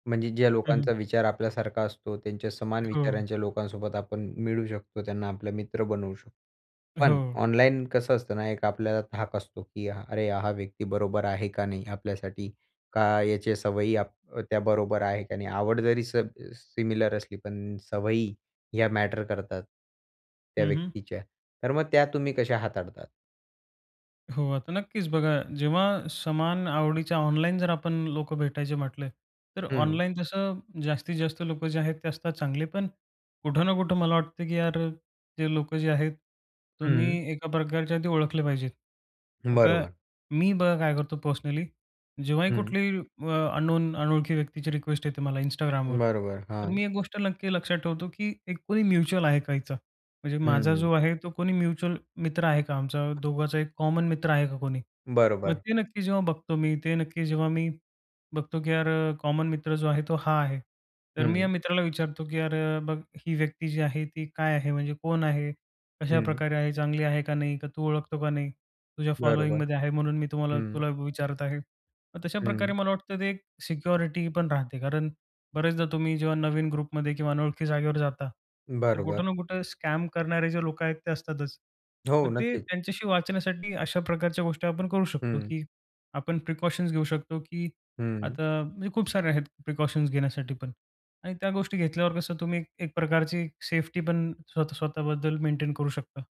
म्हणजे ज्या हं, हं. लोकांचा विचार आपल्यासारखा असतो त्यांच्या समान हो. विचारांच्या लोकांसोबत आपण मिळू शकतो. त्यांना आपले मित्र बनवू शकतो, पण हो. ऑनलाईन कसं असतं ना, एक आपल्याला धाक असतो, की अरे हा व्यक्ती बरोबर आहे का नाही आपल्यासाठी? का याच्या सवयी आप त्या बरोबर आहे का नाही? आवड जरी सब सिमिलर असली, पण सवयी ह्या मॅटर करतात त्या हं, हं. व्यक्तीच्या, तर मग त्या तुम्ही कशा हाताळतात? हो, आता नक्कीच. बघा, जेव्हा समान आवडीच्या ऑनलाईन जर आपण लोकं भेटायचे म्हटले, तर हं. ऑनलाईन जसं जास्तीत जास्त लोकं जे आहेत ते असतात चांगले पण. कुठं ना कुठं मला वाटतं, की यार जे लोकं जे आहेत हं. तुम्ही एका प्रकारच्या ते ओळखले पाहिजेत. आता बरोबर. मी बघा काय करतो पर्सनली, जेव्हाही हं. कुठलीही अ, अननोन अनोळखी व्यक्तीची रिक्वेस्ट येते मला Instagramवर. बरोबर. तर हां. मी एक गोष्ट नक्की लक्षात ठेवतो, की एक कोणी म्युच्युअल आहे का याचा? म्हणजे माझा हं. जो आहे तो कोणी म्युच्युअल मित्र आहे का आमचा दोघांचा एक कॉमन मित्र आहे का कोणी? मग बरोबर. ते नक्की जेव्हा बघतो मी, ते नक्की जेव्हा मी बघतो, की यार अ, कॉमन मित्र जो आहे तो हा आहे. तर मी या हं. मित्राला विचारतो, की अरे बघ ही व्यक्ती जी आहे ती काय आहे म्हणजे कोण आहे हं. कशाप्रकारे आहे ,चांगली आहे का नाही का तू ओळखतो का नाही, तुझ्या बरोबर. फॉलोइंगमध्ये आहे म्हणून मी तुम्हाला हं. तुला विचारत आहे. मग हं. तशाप्रकारे मला वाटतं ते सिक्युरिटी पण राहते. कारण बऱ्याचदा तुम्ही जेव्हा नवीन ग्रुपमध्ये किंवा अनोळखी जागेवर जाता, तर बरोबर. कुठं ना कुठं स्कॅम करणारे जे लोक आहेत, ते असतातच. हो, मग ते नक्कीच. त्यांच्याशी वाचण्यासाठी अशा प्रकारच्या गोष्टी आपण करू शकतो, हं. की आपण प्रिकॉशन्स घेऊ शकतो, की हं. आता म्हणजे खूप सारे आहेत प्रिकॉशन्स घेण्यासाठी पण आणि त्या गोष्टी घेतल्यावर कसं तुम्ही एक प्रकारची सेफ्टी पण स्वतः स्वतःबद्दल मेंटेन करू शकता.